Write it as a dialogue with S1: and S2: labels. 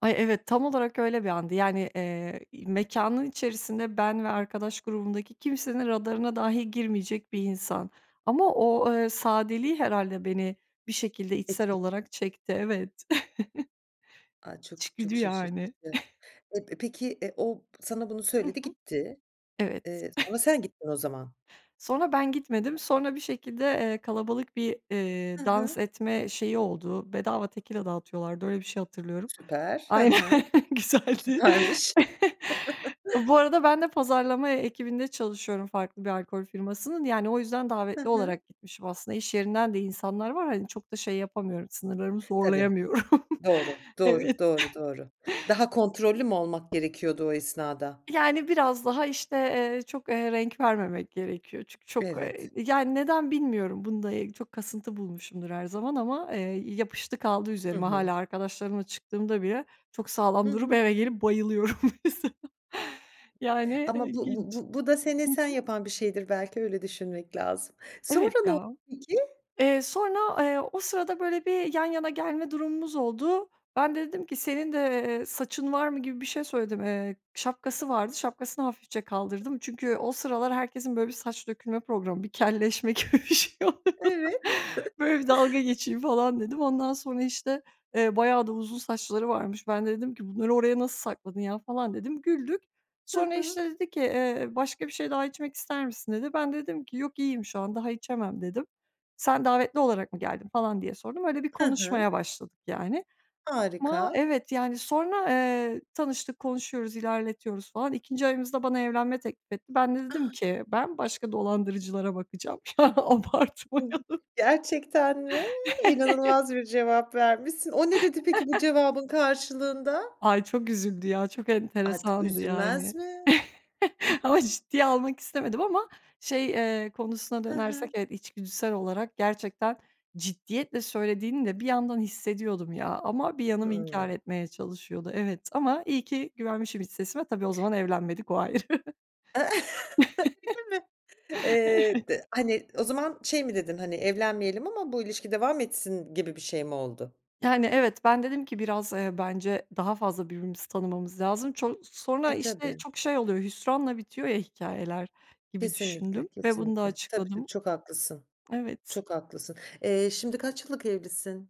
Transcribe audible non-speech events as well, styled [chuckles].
S1: Ay, evet, tam olarak öyle bir andı. Yani, eee, i mekânın içerisinde ben ve arkadaş grubundaki kimsenin radarına dahi girmeyecek bir insan ama o, eee, sadeliği herhâlde beni bir şekilde içsel
S2: Etki
S1: olarak çekti. Evet. [chuckles]
S2: A, çok
S1: İçgüdü
S2: çok
S1: yani.
S2: şaşırtıcı.
S1: [giggles]
S2: Eee, p peki, eee, o sana bunu
S1: Hı
S2: söyledi
S1: hı.
S2: gitti.
S1: Evet.
S2: Eee, sonra
S1: [giggles]
S2: sen gittin o zaman.
S1: Sonra ben gitmedim. Sonra bir şekilde, eee, kalabalık bir, ııı,
S2: Hı
S1: dans
S2: hı.
S1: etme şeyi oldu. Bedava tekila dağıtıyorlardı. Öyle bir şey hatırlıyorum.
S2: Süper. Hı
S1: Aynen,
S2: hı.
S1: güzeldi.
S2: Süpermiş. [chuckles]
S1: Bu arada ben de pazarlama e ekibinde çalışıyorum farklı bir alkol firmasının. Yani, o yüzden
S2: Hı
S1: davetli
S2: hı.
S1: olarak gitmişim aslında. İş yerinden de insanlar var. Hani, çok da şey yapamıyorum, sınırlarımı
S2: Tabii.
S1: zorlayamıyorum.
S2: Doğru, doğru,
S1: Evet.
S2: doğru, doğru. Daha kontrollü mü olmak gerekiyordu o esnada?
S1: Yani, biraz daha, işte, eee, çok, eee, renk vermemek gerekiyor. Çünkü çok, eee,
S2: Evet.
S1: yani, neden bilmiyorum. Bunu da çok kasıntı bulmuşumdur her zaman ama, eee, yapıştı kaldı
S2: Hı
S1: üzerime.
S2: hı.
S1: Hâlâ arkadaşlarımla çıktığımda bile çok sağlam
S2: Hı
S1: durup
S2: hı.
S1: eve gelip bayılıyorum mesela. Yani,
S2: Ama bu
S1: ilginç.
S2: bu bu da seni
S1: Hı
S2: sen
S1: hı.
S2: yapan bir şeydir belki, öyle düşünmek lazım.
S1: Evet
S2: Sonra ne oldu
S1: ya.
S2: peki?
S1: Eee, sonra, eee, o sırada böyle bir yan yana gelme durumumuz oldu. Ben de dedim ki, "Senin de, eee, saçın var mı?" gibi bir şey söyledim. Eee, şapkası vardı, şapkasını hafifçe kaldırdım. Çünkü o sıralar herkesin böyle bir saç dökülme problemi, bir kelleşme gibi bir şeyi vardı.
S2: Evet. [chuckles]
S1: Böyle bir dalga geçeyim falan dedim. Ondan sonra, işte, eee, bayağı da uzun saçları varmış. Ben de dedim ki, "Bunları oraya nasıl sakladın ya?" falan dedim. Güldük.
S2: Hı
S1: Sonra,
S2: hı.
S1: işte, dedi ki, "Eee, başka bir şey daha içmek ister misin?" dedi. Ben de dedim ki, "Yok, iyiyim şu an, daha içemem." dedim. "Sen davetli olarak mı geldin?" falan diye sordum. Öyle bir
S2: Hı hı.
S1: konuşmaya başladık, yani. Ama
S2: Harika.
S1: evet, yani, sonra, eee, tanıştık, konuşuyoruz, ilerletiyoruz falan 2’nci ayımızda bana evlenme teklif etti. Ben de dedim
S2: A!
S1: ki, "Ben başka dolandırıcılara bakacağım. Ya abartmayalım."
S2: [unintelligible] Gerçekten mi?
S1: [chuckles]
S2: İnanılmaz bir cevap vermişsin. O ne dedi peki bu
S1: [chuckles]
S2: cevabın karşılığında?
S1: Ay, çok üzüldü ya, çok
S2: Ad
S1: enteresandı,
S2: üzülmez
S1: yani.
S2: mi?
S1: [chuckles] Ama ciddiye almak istemedim ama, şey, eee, konusuna
S2: Hı
S1: dönersek,
S2: hı.
S1: evet, içgüdüsel olarak gerçekten, ciddiyetle söylediğini de bir yandan hissediyordum ya ama bir yanım inkâr
S2: Hımm.
S1: etmeye çalışıyordu, evet, ama iyi ki güvenmişim iç sesime. Tabii, o zaman evlenmedik, o ayrı.
S2: [chuckles]
S1: [chuckles]
S2: Öyle mi? Eee,
S1: Evet.
S2: d hani, o zaman şey mi dedin, hani, "Evlenmeyelim ama bu ilişki devam etsin." gibi bir şey mi oldu?
S1: Yani, evet, ben dedim ki, "Biraz, eee, bence daha fazla birbirimizi tanımamız lazım." Ço sonra,
S2: E,
S1: işte,
S2: tabii.
S1: çok şey oluyor, hüsranla bitiyor ya hikâyeler, gibi
S2: Kesinlikle,
S1: düşündüm ve bunu da
S2: kesinlikle, tabii tabii,
S1: açıkladım.
S2: çok haklısın,
S1: Evet.
S2: çok haklısın. Eee, şimdi kaç yıllık evlisin?